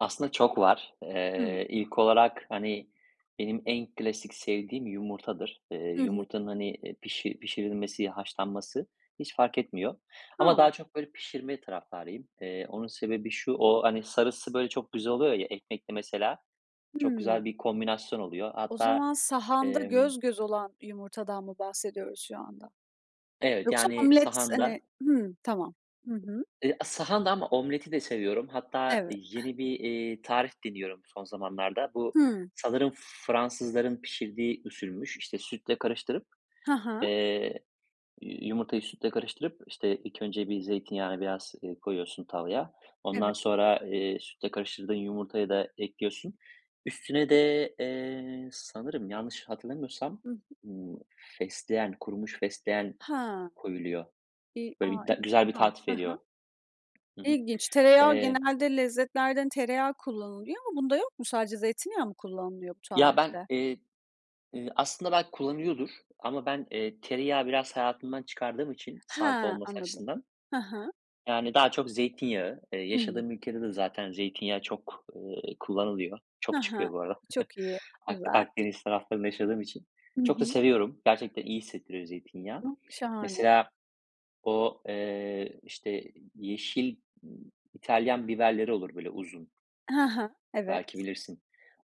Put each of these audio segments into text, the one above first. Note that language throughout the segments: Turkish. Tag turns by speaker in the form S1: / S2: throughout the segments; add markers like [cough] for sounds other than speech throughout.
S1: Aslında çok var.
S2: Hıı.
S1: Eee, ilk olarak, hani, benim en klasik sevdiğim yumurtadır. Eee,
S2: Hı hı.
S1: yumurtanın, hani, eee, pişi pişirilmesi, ya, haşlanması hiç fark etmiyor ama daha
S2: A.
S1: çok, böyle, pişirme taraftarıyım. Eee, onun sebebi şu, o, hani, sarısı böyle çok güzel oluyor ya, ekmekle mesela çok
S2: Hıı.
S1: güzel bir kombinasyon oluyor.
S2: O
S1: Hatta,
S2: zaman sahanda
S1: emm
S2: göz göz olan yumurtadan mı bahsediyoruz şu anda?
S1: Evet,
S2: Yoksa
S1: yani
S2: omlet hani
S1: sahanda.
S2: Hı, tamam. Hı hı.
S1: Eee, sahanda ama omleti de seviyorum. Hatta
S2: Evet. [scoffs]
S1: yeni bir, iii, tarif deniyorum son zamanlarda. Bu
S2: Hıı.
S1: sanırım Fransızların pişirdiği usulmüş. İşte, sütle karıştırıp,
S2: Ha ha.
S1: eee, yumurtayı sütle karıştırıp, işte, ilk önce bir zeytinyağını biraz, eee, koyuyorsun tavaya,
S2: Eve
S1: ondan sonra, eee, sütle karıştırdığın yumurtayı da ekliyorsun. Üstüne de, eee, sanırım yanlış hatırlamıyorsam,
S2: Hı hı.
S1: ımm, fesleğen, kurumuş fesleğen
S2: Ha.
S1: koyuluyor.
S2: İii,
S1: Böyle
S2: aaa,
S1: bir de güzel bir
S2: [unintelligible]
S1: tat
S2: Hı
S1: veriyor.
S2: hı.
S1: Hı hı.
S2: İlginç, tereyağı
S1: Eee
S2: genelde lezzetlerden tereyağı kullanılıyor ama bunda yok mu? Sadece zeytinyağı mı kullanılıyor bu
S1: Ya, ben,
S2: tarifte?
S1: eee, eee, aslında belki kullanıyordur ama ben, eee, tereyağı biraz hayatımdan çıkardığım için, sağlıklı
S2: Ha,
S1: olması
S2: anladım.
S1: açısından.
S2: Hı hı.
S1: Yani, daha çok zeytinyağı, eee,
S2: Hıı.
S1: yaşadığım ülkede de zaten zeytinyağı çok, eee, kullanılıyor.
S2: Hı
S1: Çok
S2: hı,
S1: çıkıyor bu ara. [chuckles]
S2: çok iyi,
S1: Ak
S2: güzel.
S1: Akdeniz taraflarında yaşadığım için
S2: Hı
S1: çok da
S2: hı.
S1: seviyorum. Gerçekten iyi hissettiriyor zeytinyağı.
S2: [unintelligible] Şahane.
S1: Mesela o, eee, işte, yeşil, ııı, İtalyan biberleri olur, böyle uzun
S2: Hı hı.
S1: belki
S2: Evet.
S1: bilirsin.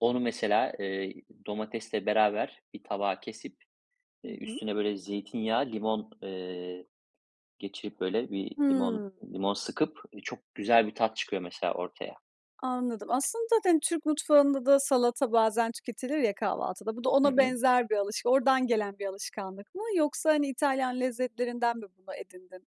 S1: Onu mesela, eee, domatesle beraber bir tabağa kesip,
S2: Hı
S1: eee,
S2: hı.
S1: üstüne, böyle, zeytinyağı, limon, eee, geçirip, böyle, bir limon
S2: Hıı.
S1: limon sıkıp çok güzel bir tat çıkıyor mesela ortaya.
S2: Anladım. Aslında zaten Türk mutfağında da salata bazen tüketilir ya kahvaltıda, bu da
S1: Hı
S2: ona
S1: hı.
S2: benzer bir alış oradan gelen bir alışkanlık mı yoksa, hani, İtalyan lezzetlerinden mi bunu edindin?